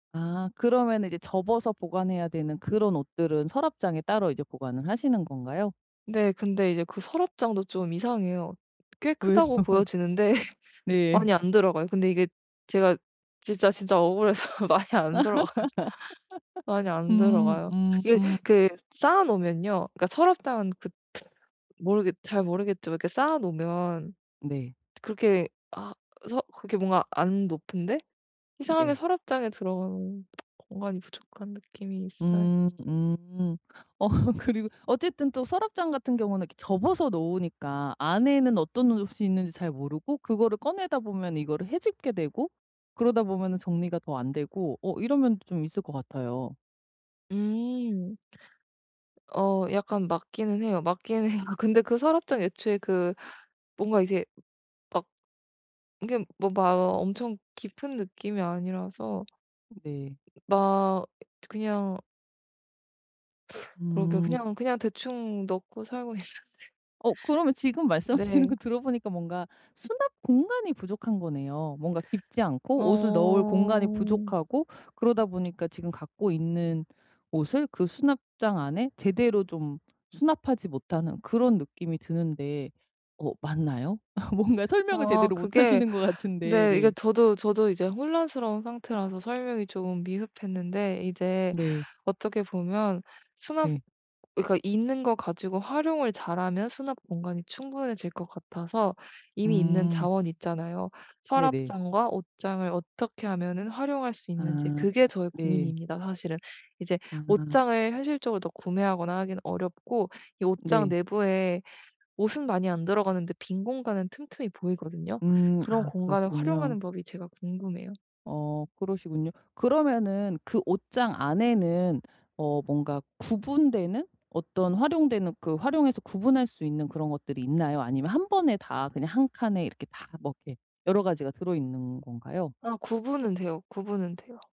아 그러면은 이제 접어서 보관해야 되는 그런 옷들은 서랍장에 따로 이제 보관을 하시는 건가요? 네 근데 이제 그 서랍장도 좀 이상해요. 꽤 왜죠? 크다고 보여지는데 많이 네. 안 들어가요. 근데 이게 제가 진짜, 진짜 억울해서 많이 안 들어가요. 많이 안 음. 들어가요. 이게 음음. 그 쌓아 놓으면요. 그니까 서랍장은 그 모르겠 잘 모르겠지만 이렇게 쌓아 놓으면 네. 그렇게 아 서 그렇게 뭔가 안 높은데 이상하게 네. 서랍장에 들어가는 공간이 부족한 느낌이 있어요. 음. 음 어 그리고 어쨌든 또 서랍장 같은 경우는 이렇게 접어서 놓으니까 안에는 어떤 옷이 있는지 잘 모르고 그거를 꺼내다 보면 이거를 헤집게 되고 그러다 보면 정리가 더 안되고 어 이런면도 좀 있을 것 같아요. 음. 어 약간 맞기는 해요, 맞기는 해요. 근데 그 서랍장 애초에 그 뭔가 이제 막 이게 뭐 막 엄청 깊은 느낌이 아니라서 네. 막 그냥 그러게 음. 그냥 그냥 대충 넣고 살고 있었는데. 어 그러면 지금 말씀하시는 네. 거 들어보니까 뭔가 수납 공간이 부족한 거네요. 뭔가 깊지 않고 옷을 넣을 공간이 엄. 부족하고 그러다 보니까 지금 갖고 있는 옷을 그 수납장 안에 제대로 좀 수납하지 못하는 그런 느낌이 드는데 어 맞나요? 뭔가 설명을 아 제대로 그게 못하시는 것 같은데 네 이게 네. 저도 저도 이제 혼란스러운 상태라서 설명이 좀 미흡했는데 이제 네. 어떻게 보면 수납 네. 그니까 있는 거 가지고 활용을 잘하면 수납공간이 충분해질 것 같아서. 이미 있는 음. 자원이 있잖아요. 네네. 서랍장과 옷장을 어떻게 하면은 활용할 수 있는지 아 그게 저의 네. 고민입니다. 사실은 이제 아. 옷장을 현실적으로 더 구매하거나 하기는 어렵고 이 옷장 네. 내부에 옷은 많이 안 들어가는데 빈 공간은 틈틈이 보이거든요. 음 그런 아 공간을 그러시군요. 활용하는 법이 제가 궁금해요. 어 그러시군요. 그러면은 그 옷장 안에는 어 뭔가 구분되는 어떤 활용되는 그 활용해서 구분할 수 있는 그런 것들이 있나요? 아니면 1 번에 다 그냥 1 칸에 이렇게 다 뭐 이렇게 여러가지가 들어있는 건가요? 아 구분은 돼요. 구분은 돼요.